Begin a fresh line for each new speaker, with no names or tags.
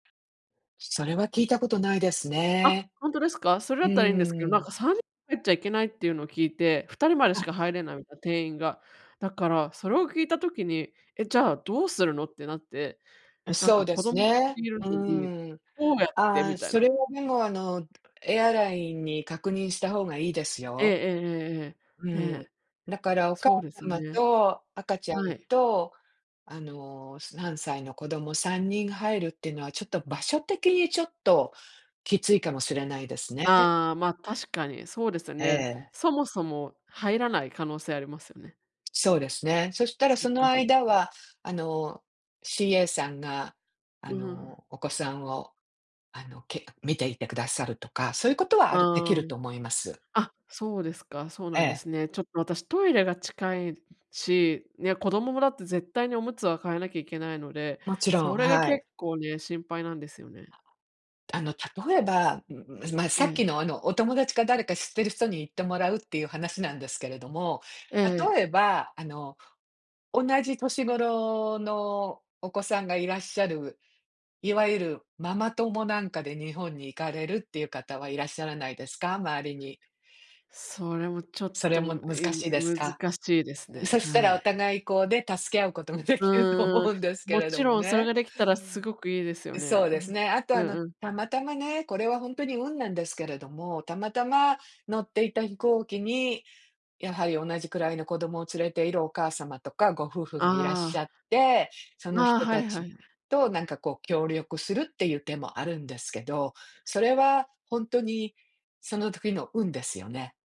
それは聞いたことないです
あっ、
ね。
ほんとですか？それ
う
だったらいいんですけど、な
ー
ん
ん。
か3人入っちゃいけないっていうのを聞いて、2人までし
あ。
か入れないみたいな、定員が。だから、それを聞いた時に、ええ、じゃあどうするのってなって、なん
そ
か
うで
子
す
供ふた
ね、
りいる
う
のに、
ん。
どうやって
あ
み
あ、
たい
そ
な。
れはでもあの、エアラインに確認した方がいいです
ええ
よ。う
ええええええ。ね
ん。
え。
だからお母
そうです
様
ね。
と、赤ちゃん
はい。
と、あの、3歳の子供3人入るっていうのは、ちょっと場所的にちょっと、きついかもしれないですね。
ああ、まあ、確かに、そうですよ
え
ね。
え。
そもそも、入らない可能性ありますよね。
そうですね。そしたら
そっ
その
かそっ
間
か。
は、あの、CA さんが、あ
うん。
の、お子さんを、あのけ見ていてくださるとか、そういうことはあるでき
ああ。
ると思います。
あ、そうですか、そう
え
なんで
え。
すね。ちょっと私トイレが近いし、ね、子供もだって、絶対におむつは替えなきゃいけないので、
もちろ
そ
ん、
れが
はい。
結構ね、心配なんですよね。
あの、例えば、ま、さっ
え
き
え。
のあの、お友達か誰か、知ってる人に行ってもらう、っていう話なんですけれども、
ええ。
例えば、あの、同じ年頃のお子さんがいらっしゃる、いわゆるママ友なんかで、日本に行かれるっていう方は、いらっしゃらないですか？周りに。
それもちょっ
それ
と、
も難
い
しいです
難
か？
しいですね、
そした
は
らお
い。
互いこうね、助け合うことができると
ああ。
思うんですけ
も
れど
ち
も
ろん、それ
ね。
ができたら、すごくいいですよね。
そう
う
です
ん、
ね、あと
う
あの、
んうん。
たまたまね、これはほんとに運なんですけれども、たまたま乗っていた飛行機に、やはり同じくらいの子供を連れているお母様とか、ご夫婦がいらっ
あ
し
あ。
ゃって、その
ああ、
人
はい
た
は
ち
いはい。
と、なんかこう協力するっていう手もあるんですけど、それはほんとに、その時の運ですよね。